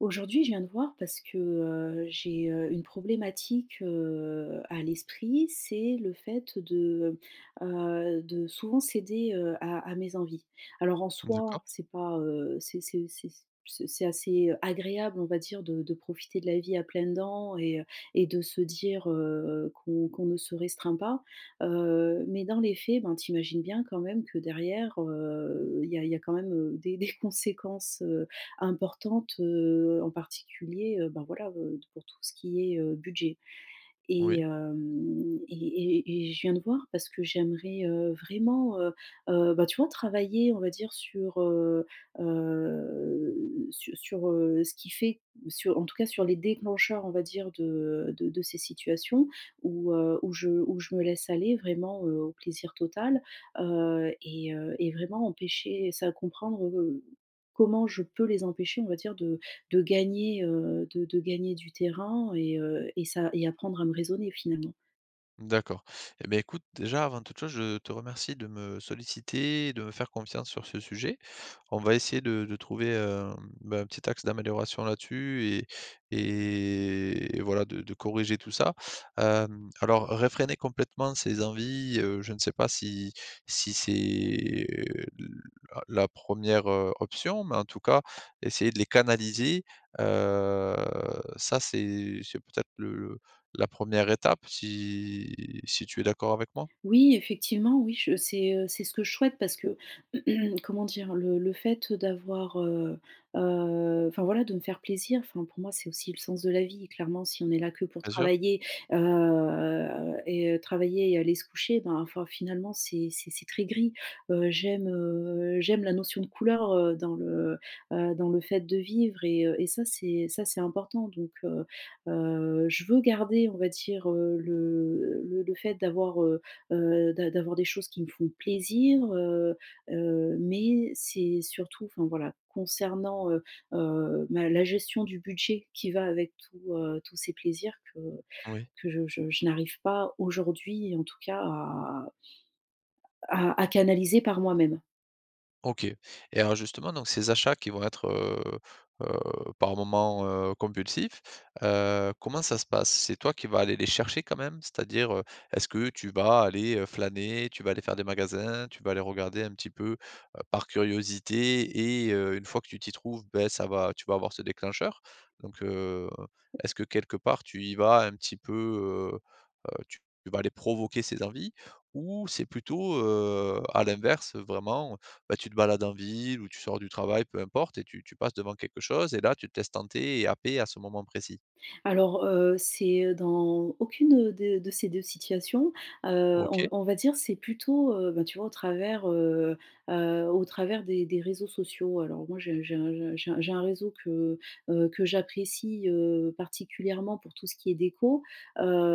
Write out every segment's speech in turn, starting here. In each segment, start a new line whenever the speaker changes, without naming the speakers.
Aujourd'hui je viens de voir parce que, heu, j'ai, heu, une problématique, heu, à l'esprit, c'est le fait de, heu heu, de souvent céder, heu, à à mes envies. Alors en
D'accord.
soi, c'est pas, heu, c'est c'est, heu c'est s ce c'est assez agréable, on va dire, de de profiter de la vie à pleines dents et, heu et de se dire, heu, qu'on qu'on ne se restreint pas. Heu, mais dans les faits, ben, tu imagines bien quand même que derrière, heu, il y a il y a quand même des des conséquences, heu, importantes, heu, en particulier, heu, ben voilà, heu, tout pour tout ce qui est, heu, budget. Et,
Oui.
hem, et et et je viens te voir parce que j'aimerais, heu, vraiment, heu heu, bah, tu vois travailler on va dire sur, heu heu sur sur, heu, ce qui fait su en tout cas sur les déclencheurs on va dire de de de ces situations où, heu, où je où je me laisse aller vraiment, heu, au plaisir total. Heu, et, heu et vraiment empêcher c'est à comprendre, heu, comment je peux les empêcher on va dire de de gagner, heu, de de gagner du terrain et, heu, et ça et apprendre à me raisonner finalement?
D'accord. Et bah, écoute, déjà, avant toute chose, je te remercie de me solliciter et de me faire confiance sur ce sujet. On va essayer de de trouver un, bah, un petit axe d'amélioration là-dessus et et voilà, de de corriger tout ça. Hem, alors réfréner complètement ses envies, heu, je ne sais pas si si c'est le la 1re, heu, option, mais en tout cas, essayer de les canaliser, heu, ça c'est c'est, peut-être, le le la 1re étape, si si tu es d'accord avec moi?
Oui, effectivement, oui. Je c'est, heu, ce que je souhaite parce que, comment dire, le le fait d'avoir, heu, heu enfin voilà, de me faire plaisir enfin pour moi, c'est aussi le sens de la vie. Clairement, si on est là que pour
Bien sûr.
travailler, heu et heu, travailler, aller se coucher, ben, enfin, finalement, c'est c'est c'est très gris, heu. J'aime, heu, j'aime la notion de couleur, heu, dans le, heu, dans le fait de vivre et heu, et ça c'est ça c'est important. Donc, heu heu, je veux garder, on va dire, heu, le le le fait d'avoir, heu heu, d’a d'avoir des choses qui me font plaisir, heu heu, mais c'est surtout enfin voilà, concernant, heu heu, ma la gestion du budget qui va avec tous, heu, tous ces plaisirs que
Oui.
que je je je n'arrive pas aujourd'hui, en tout cas à à à canaliser par moi-même.
OK. Et alors justement, donc ces achats qui vont être, heu heu, par moments, heu, compulsifs, heu, comment ça se passe? C'est toi qui vas aller les chercher quand même? C'est-à-dire, heu, est-ce que tu vas aller, heu, flâner? Tu vas aller faire des magasins? Tu vas aller regarder un petit peu, heu, par curiosité et, heu, une fois que tu t'y trouves, bah, ça va tu vas avoir ce déclencheur? Donc, heu, est-ce que quelque part tu y vas un petit peu, heu heu, tu vas les provoquer, ces envies, ou c'est plutôt, heu, à l'inverse, vraiment, bah, tu te balades en ville ou tu sors du travail, peu importe, et tu tu passes devant quelque chose et là tu te laisses tenter et happer à ce moment précis?
Alors, heu, c'est, heu, dans aucune, heu, de de ces 2 situations. Heu, on v
OK.
on va dire c'est plutôt, heu, ben, tu vois, au travers, heu heu, au travers des des réseaux sociaux. Alors moi, j'ai un j'ai un je j'ai j'ai un réseau que, heu, que j'apprécie, heu particulièrement pour tout ce qui est déco,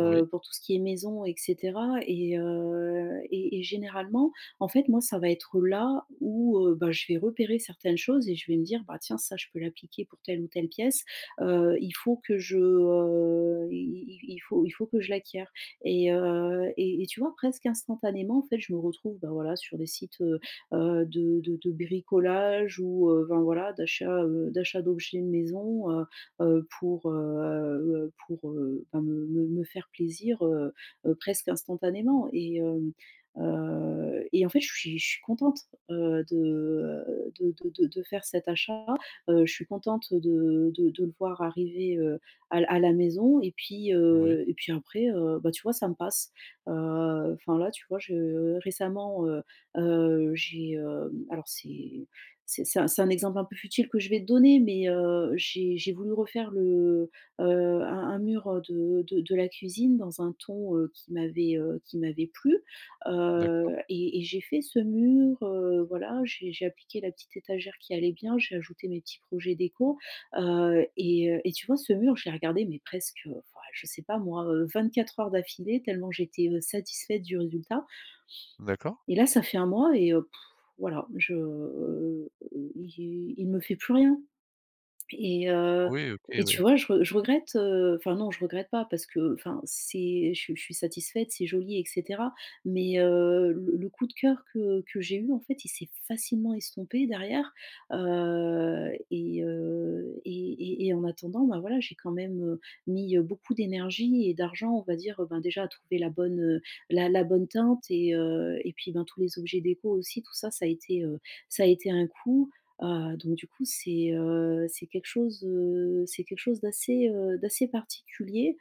Oui.
pour tout ce qui est maison, et cetera. Et heu et et généralement, en fait, moi, ça va être là où, heu, bah, je vais repérer certaines choses et je vais me dire: «Bah tiens, ça je peux l'appliquer pour telle ou telle pièce.» Heu, il faut que je, heu, i i i i f il faut il faut que je l'acquière. Et heu, et et tu vois, presque instantanément, en fait, je me retrouve, bah, voilà, sur des sites, heu heu, de de de bricolage ou, heu, ben voilà, d'achat, heu d'achat d'objets de maison, heu heu, pour, heu pour, heu enfin me me me faire plaisir, heu heu, presque instantanément. Et hem, heu, et en fait, je suis je suis contente, heu, de, heu de de de de faire cet achat. Heu, je suis contente de de de le voir arriver, heu, à l à la maison et puis,
Oui.
heu, et puis après, heu, bah, tu vois, ça me passe. Heu, enfin là, tu vois, je heu, récemment, heu heu, j'ai, hem alors c'est c'est un c'est un exemple un peu futile que je vais te donner, mais, heu, j'ai j'ai voulu refaire le, heu un un mur, heu, de de de la cuisine dans un ton, heu, qui m'avait, heu, qui m'avait plu
D'accord.
heu et et j'ai fait ce mur, heu, voilà, j'ai j'ai appliqué la petite étagère qui allait bien, j'ai ajouté mes petits projets déco, heu, et heu et tu vois, ce mur, je l'ai regardé mais presque, heu, enfin ouais, je sais pas moi, heu, 24 heures d'affilée tellement j'étais, heu, satisfaite du résultat.
D'accord.
Et là, ça fait 1 mois et, heu, pfff, voilà, je il il me fait plus rien! Et heu
Oui, OK,
et
oui.
tu vois, je re je regrette, heu enfin non, je regrette pas parce que, enfin, c'est je suis je suis satisfaite, c'est joli, et cetera. Mais heu, le le coup de cœur que que j'ai eu, en fait, il s'est facilement estompé derrière, heu, et, heu, et et et en attendant ben, voilà j'ai quand même, heu, mis, heu, beaucoup d'énergie et d'argent, on va dire, heu, ben déjà à trouver la bonne, heu, la la bonne teinte et, heu, et puis ben dans tous les objets déco aussi. Tout ça ça a été, heu ça a été un coût, heu. Donc du coup, c'est, heu c'est quelque chose, heu c'est quelque chose, d'assez, heu d'assez particulier,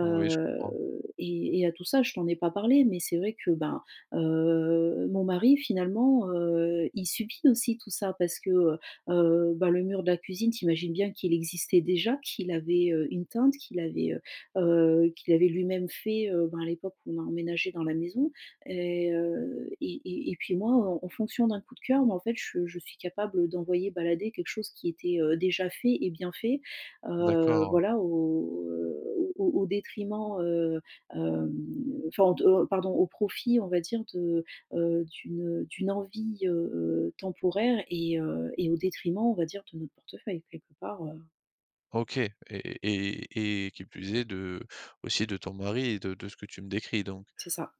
Oui, je comprends.
et et à tout ça je t'en ai pas parlé, mais c'est vrai que ben, heu, mon mari finalement, heu, il subit aussi tout ça parce que, heu heu, bah, le mur de la cuisine t'imagines bien qu'il existait déjà, qu'il avait, heu, une teinte, qu'il avait, heu heu, qu'il avait lui-même fait, heu, ben à l'époque où on a emménagé dans la maison et heu et et et puis moi, heu, en fonction d'un coup de cœur moi en fait je je suis capable d'envoyer balader quelque chose qui était heu, déjà fait et bien fait, heu,
D'accord, ouais.
voilà, au heu, au au au détriment, heu, hem enfin au de au pardon, au profit, on va dire de, heu d'une, heu d'une envie, heu, temporaire et, heu et au détriment, on va dire, de notre portefeuille quelque part, heu.
OK, et et et et qui plus est, de aussi de ton mari et de de ce que tu me décris donc?
C'est ça.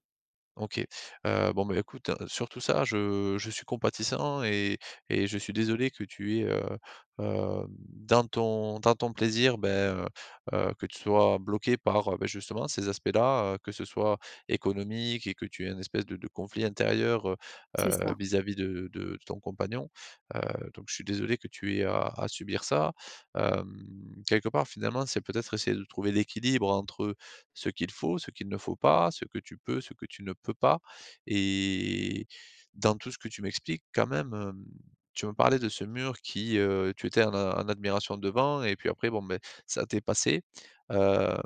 OK, heu, bon, ben, écoute surtout ça je je suis compatissant et et je suis désolé que tu es, heu, hem, dans ton dans ton plaisir, bah, heu heu, que tu sois bloqué par, heu, bah, justement ces aspects-là, heu, que ce soit économique et que tu aies un espèce de de conflit intérieur, heu
C'est
heu,
ça.
vis-à-vis de de ton compagnon. Heu, donc je suis désolé que tu aies à à subir ça. Hem, quelque part finalement, c'est peut-être essayer de trouver l'équilibre entre ce qu'il faut, ce qu'il ne faut pas, ce que tu peux, ce que tu ne peux pas. Et dans tout ce que tu m'expliques quand même, hem, tu me parlais de ce mur qui, heu, tu étais en a en admiration devant et puis après, bon, beh, mais ça t'ai passé. Hem,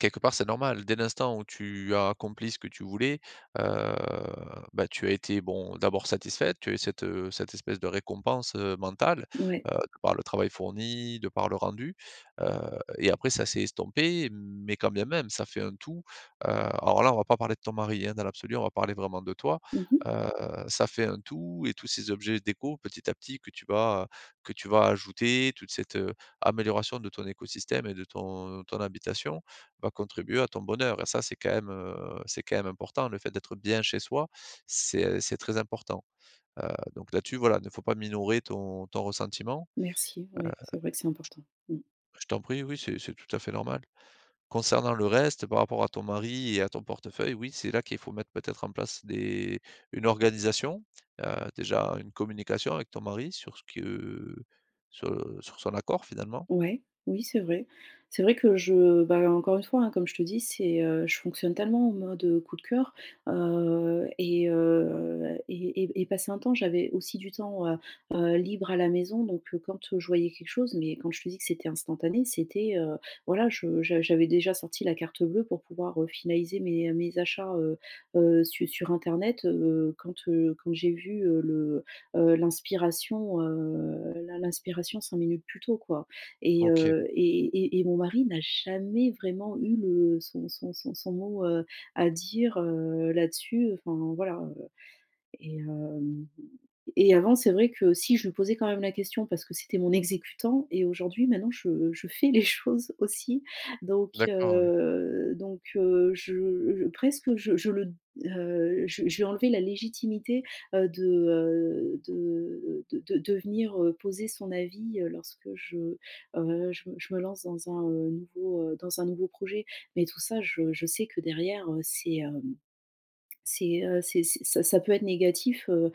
quelque part c'est normal dès l'instant où tu as accomplis ce que tu voulais, heu, bah, tu as été, bon, d'abord satisfaite, tu as eu cette, heu cette espèce de récompense, heu, mentale,
Mouais.
heu, par le travail fourni, de par le rendu, heu, et après ça s'est estompé, mais quand bien même ça fait un tout. Heu, alors là on va pas parler de ton mari, hein, dans l'absolu, on va parler vraiment de toi,
Mmh mh.
heu, ça fait un tout et tous ces objets déco, petit à petit que tu vas, heu que tu vas ajouter toute cette, heu, amélioration de ton écosystème et de ton ton habitation va contribuer à ton bonheur et ça c'est quand même, heu c'est quand même important le fait d'être bien chez soi, c'est, heu c'est très important. Heu, donc là-dessus voilà il ne faut pas minorer ton ton ressentiment, heu
Merci, ouais, c'est vrai que c'est important, mmh.
Bah je t'en prie oui c'est c'est tout à fait normal. Concernant le reste par rapport à ton mari et à ton portefeuille oui, c'est là qu'il faut mettre peut-être en place des une organisation, heu, déjà une communication avec ton mari sur ce que sur sur son accord finalement.
Ouais, oui, c'est vrai. C'est vrai que je bah, encore une fois comme je te dis, c'est, heu, je fonctionne tellement en mode coup de coeur, heu, et heu et et et passé un temps j'avais aussi du temps, heu heu, libre à la maison donc, heu, quand je voyais quelque chose mais quand je te dis que c'était instantané c'était, heu, voilà, je je j'avais déjà sorti la carte bleue pour pouvoir, heu, finaliser mes, heu, mes achats, heu heu, su sur internet, heu, quand, heu, quand j'ai vu, heu, le heu, l'inspiration, heu, l'in l'inspiration 5 minutes plus tôt quoi. Et
OK.
heu, et et et mon mari n'a jamais vraiment eu le son son son son mot, heu, à dire, heu, là-dessus enfin, voilà, heu. Et hem, et avant, c'est vrai que si je lui posais quand même la question parce que c'était mon exécutant et aujourd'hui maintenant je je fais les choses aussi. Donc,
D'accord ouais.
heu donc, heu, je presque je je le heu, je je vais enlever la légitimité, heu, de, heu de, heu de de de devenir, heu, poser son avis, heu, lorsque je heu, je je me lance dans un nouveau, heu dans un nouveau projet. Mais tout ça je je sais que derrière, heu, c'est, hem c'est, heu c'est c'est ça peut être négatif, heu,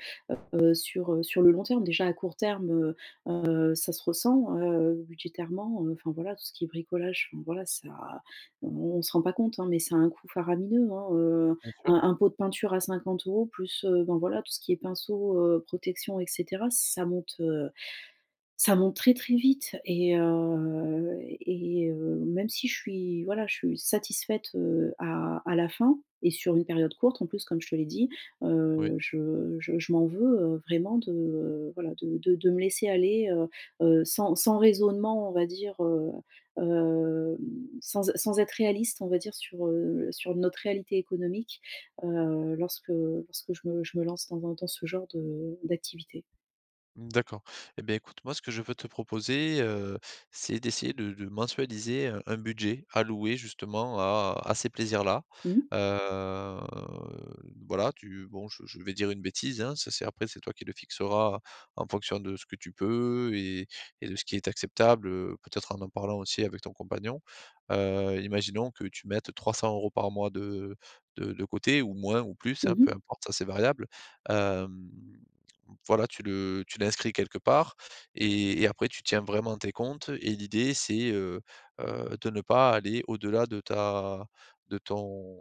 heu sur heu, sur le long terme, déjà à court terme, heu heu, ça se ressent, heu, budgétairement, heu, enfin voilà tout ce qui est bricolage, enfin, voilà ça o on se rend pas compte, hein, mais ça a un coût faramineux, hein, heu,
Bien sûr.
un un pot de peinture à 50 plus, heu, bon, voilà tout ce qui est pinceau, heu, protection et cetera, ça monte, heu, ça monte très, très vite. Et heu et heu, même si je suis voilà, je suis satisfaite, heu, à à la fin et sur une période courte en plus comme je te l'ai dit.
Oui.
Heu, je je je m'en veux, heu, vraiment de, heu, voilà, de de de me laisser aller, heu heu, sans sans raisonnement on va dire, heu hem, sans é sans être réaliste on va dire sur, heu, sur notre réalité économique, heu, lorsque, heu, lorsque je me je me lance dans un dans ce genre de d'activité.
Mmh, d'accord et ben, écoute moi ce que je peux te proposer, heu, c'est d'essayer de de mensualiser, heu, un budget alloué justement à à ces plaisirs-là.
Mmh.
Heu, voilà tu bon je je vais dire une bêtise, hein, ça c'est après c'est toi qui le fixera en fonction de ce que tu peux, et et de ce qui est acceptable, heu, peut-être en parlant aussi avec ton compagnon. Heu, imaginons que tu mettes 300 par mois de de de côté ou moins ou plus, hein,
Mmh
peu
mh.
importe, ça c'est variable. Hem, voilà tu le tu l'inscris quelque part, et et après tu tiens vraiment tes comptes et l'idée c'est, heu heu, de ne pas aller au-delà de ta de ton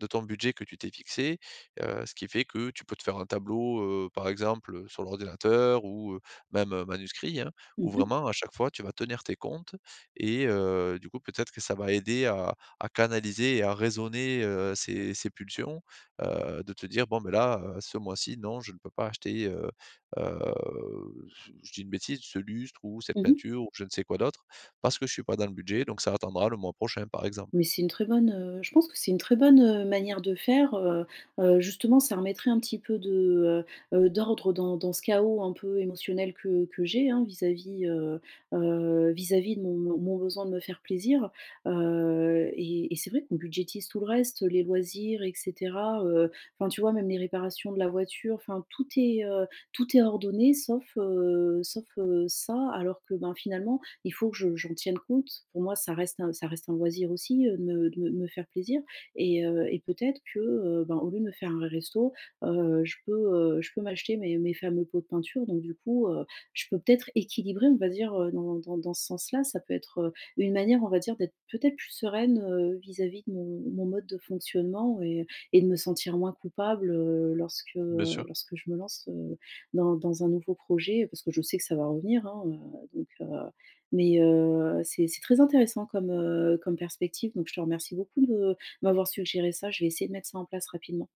de ton budget que tu t'es fixé, heu, ce qui fait que tu peux te faire un tableau, heu, par exemple, heu, sur l'ordinateur ou même manuscrit, hein, où
Mmh mh.
vraiment à chaque fois tu vas tenir tes comptes, et heu, du coup peut-être que ça va aider à à canaliser et à raisonner, heu, ces ces pulsions, heu, de te dire: «Bon ben là, heu, ce mois-ci, non, je ne peux pas acheter» Heu heu, je dis une bêtise: «Ce lustre ou cette
Mmh mh.
peinture ou je ne sais quoi d'autre, parce que je suis pas dans le budget donc ça attendra le mois prochain.» Par exemple.
Mais c'est une très bonne, heu je pense que c'est une très bonne, heu, manière de faire, heu heu, justement ça remettrait un petit peu de, heu heu, d'ordre dans dans ce chaos un peu émotionnel que que j'ai, hein, vis-à-vis, heu heu, vis-à-vis de mon de mon besoin de me faire plaisir, heu, et et c'est vrai qu'on budgétise tout le reste, heu, les loisirs et cetera, heu, enfin tu vois même les réparations de la voiture, enfin, tout est, heu, tout est ordonné sauf, heu sauf, heu, ça, alors que ben finalement il faut que je j'en tienne compte pour moi ça reste un ça reste un loisir aussi de me de me me faire plaisir et heu et peut-être que, heu, ben, au lieu de me faire un resto, heu, je peux, heu je peux m'acheter mes mes fameux pots de peinture donc du coup, heu, je peux peut-être équilibrer on va dire, heu, dans dans dans ce sens-là? Ça peut être, heu, une manière on va dire d'être peut-être plus sereine, heu, vis-à-vis de mon de mon mode de fonctionnement et et de me sentir moins coupable, heu, lorsque
Bien sûr!
lorsque je me lance, heu, dans dans un nouveau projet. Parce que je sais que ça va revenir, hein, heu. Donc, heu mais, heu, c'est c'est très intéressant comme, heu, comme perspective donc je te remercie beaucoup de m'avoir suggéré ça je vais essayer de mettre ça en place rapidement.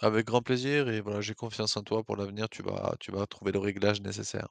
Avec grand plaisir et voilà j'ai confiance en toi pour l'avenir tu vas tu vas trouver le réglage nécessaire.